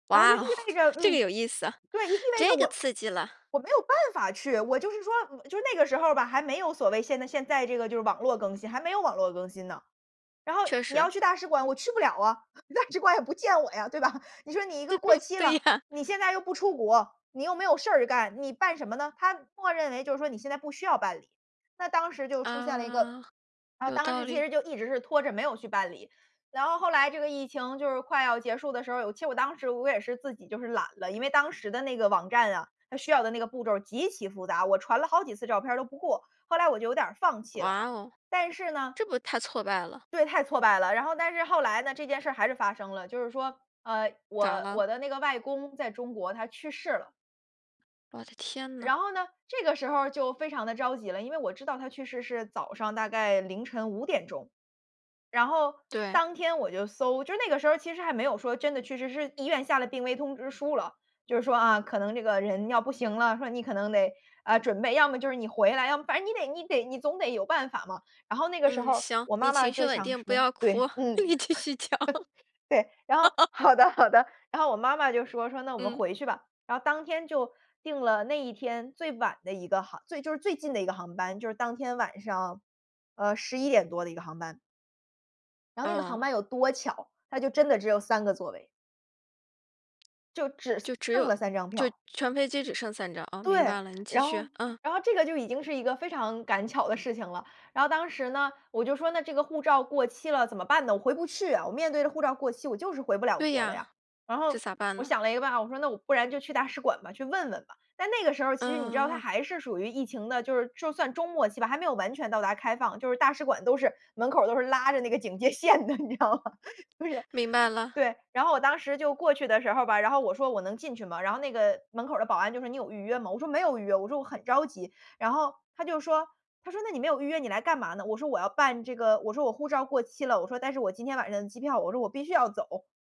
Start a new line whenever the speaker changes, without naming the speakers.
然后就
哇
意
哦，
味着
这个
嗯，
有意思。
对，意味着
这个
我
刺激了。
我没有办法去。我就是说，就那个时候儿吧还没有所谓现在现在这个就是网络更新，还没有网络更新呢。然后
确
你
实。
要去大使馆，我去不了啊，大使馆也不见我呀，对吧。你说你一个过 期了，
对呀。
你现在又不出国，你又没有事儿干，你办什么呢？它默认为就是说你现在不需要办理，那当时就出现了一个
啊，
然后
有
当
道
时其
理。
实就一直是拖着没有去办理。然后后来这个疫情就是快要结束的时候，有其实我当时我也是自己就是懒了。因为当时的那个网站啊，它需要的那个步骤极其复杂，我传了好几次照片儿都不过，后来我就有点儿放弃了。
哇哦。
但是呢
这不太挫败了。
对，太挫败了。然后但是后来呢，这件事儿还是发生了。就是说，呃，
咋
我
了？
我的那个外公在中国，他去世了。
我的天呐。
然后呢，这个时候儿就非常地着急了，因为我知道他去世是早上大概凌晨5：00钟。然后
对。
当天我就搜就是那个时候其实还没有说真的去世，是医院下了病危通知书了。就是说啊，可能这个人要不行了，说你可能得，呃，准备要么就是你回来，要么反正你得你得你总得有办法嘛。然后那个时
嗯，
候
行，
我
你
妈妈
情绪
就
稳
想
定，不
说，
要
对，
哭，
嗯，
你继续讲。
对，然后 好的好的。然后我妈妈就说，说：“那我们
嗯。
回去吧。”然后当天就订了那一天最晚的一个航就是最近的一个航班，就是当天晚上，呃，11：00多的一个航班。然后那个航
嗯。
班有多巧，它就真的只有3个座位。就只
就只
剩
有
了3张
就
票。
全飞机只剩3张，哦，明
对，
白了，你继
然
续。
后
嗯。
然后这个就已经是一个非常赶巧的事情了。然后当时呢，我就说：“那这个护照过期了怎么办呢？我回不去啊。”我面对着护照过期我就是回不了
对
国了
呀，
呀。然后，
这咋办
我
呢？
想了一个办法，我说：“那我不然就去大使馆吧，去问问吧。”但那个时候其实你知道它
嗯。
还是属于疫情的，就是就算中末期吧，还没有完全到达开放。就是大使馆都是，门口都是拉着那个警戒线的你知道吗。就是
明白了。
对，然后我当时就过去的时候吧，然后我说：“我能进去吗？”然后那个门口的保安就说：“你有预约吗？”我说：“没有预约，“我说：”我很着急。“然后，他就说他说：“那你没有预约你来干嘛呢？”我说：“我要办这个”我说：“我护照过期了。“我说：“但是我今天晚上的机票。”我说：“我必须要走。”